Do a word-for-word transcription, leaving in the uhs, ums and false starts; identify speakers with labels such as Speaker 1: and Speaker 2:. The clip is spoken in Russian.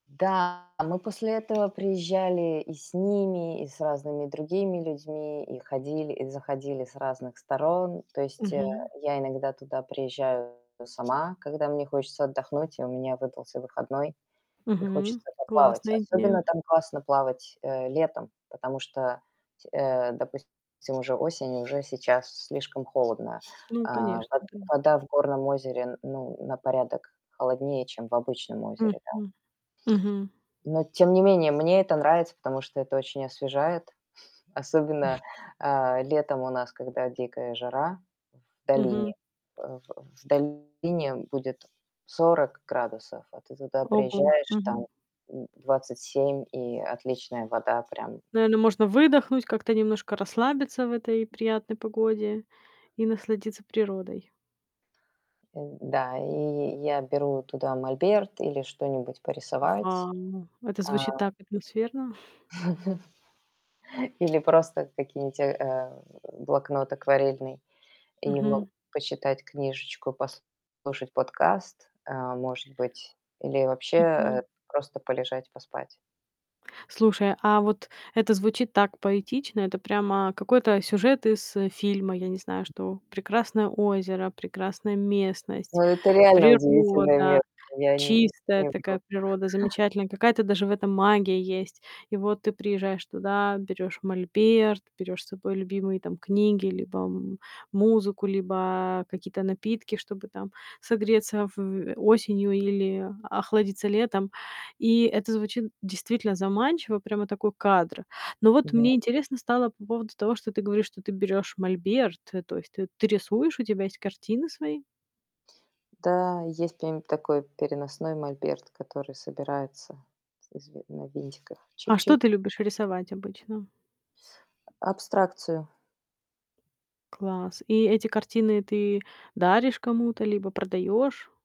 Speaker 1: Да, а мы после этого приезжали и с ними, и с разными другими людьми, и ходили, и заходили с разных сторон. То есть, э,
Speaker 2: Мгм.
Speaker 1: я иногда туда приезжаю сама, когда мне хочется отдохнуть и у меня выдался выходной, и
Speaker 2: Мгм.
Speaker 1: хочется поплавать.
Speaker 2: Классная
Speaker 1: Особенно
Speaker 2: идея.
Speaker 1: там классно плавать, э, летом, потому что, э, допустим, уже осень и уже сейчас слишком холодно.
Speaker 2: Ну
Speaker 1: А,
Speaker 2: конечно.
Speaker 1: во
Speaker 2: Да.
Speaker 1: вода в горном озере, ну, на порядок холоднее, чем в обычном озере, да.
Speaker 2: Мгм. Мгм.
Speaker 1: Но, тем не менее, мне это нравится, потому что это очень освежает. Особенно, э, летом у нас, когда дикая жара в
Speaker 2: Мгм.
Speaker 1: долине, В в долине будет сорок градусов, а ты туда
Speaker 2: Ого.
Speaker 1: приезжаешь,
Speaker 2: Мгм.
Speaker 1: там, м, двадцать семь и отличная вода прям.
Speaker 2: Наверно, можно выдохнуть как-то немножко расслабиться в этой приятной погоде и насладиться природой.
Speaker 1: М. Да, и я беру туда мольберт или что-нибудь порисовать,
Speaker 2: Вау! Это
Speaker 1: а
Speaker 2: звучит так атмосферно.
Speaker 1: Или просто какие-нибудь, э, э, блокнот акварельный. И могу
Speaker 2: Мгм.
Speaker 1: почитать книжечку, послушать подкаст, э, может быть, или вообще, э,
Speaker 2: Мгм.
Speaker 1: просто полежать, поспать.
Speaker 2: Слушай, а вот это звучит так поэтично. Это прямо какой-то сюжет из фильма. Я не знаю, что прекрасное озеро, прекрасная
Speaker 1: Ну,
Speaker 2: местность,
Speaker 1: это реально удивительное
Speaker 2: природа
Speaker 1: место, я н
Speaker 2: чистая,
Speaker 1: не вру.
Speaker 2: такая природа замечательная, какая-то даже в этом магия есть. И вот ты приезжаешь туда, берешь мольберт, берешь с собой любимые, там, книги либо м музыку, либо какие-то напитки, чтобы, там, согреться в осенью или охладиться летом. И это звучит действительно заманчиво. Прямо такой кадр. Но вот
Speaker 1: Мгм.
Speaker 2: мне интересно стало по поводу того, что ты говоришь, что ты берешь мольберт. Э. То есть ты ты рисуешь, у тебя есть картины свои?
Speaker 1: Да, есть прям такой переносной мольберт, который собирается из в на винтиках
Speaker 2: А что
Speaker 1: чик-чик.
Speaker 2: ты любишь рисовать обычно?
Speaker 1: Абстракцию.
Speaker 2: Класс! И эти картины ты даришь кому-то либо продаешь?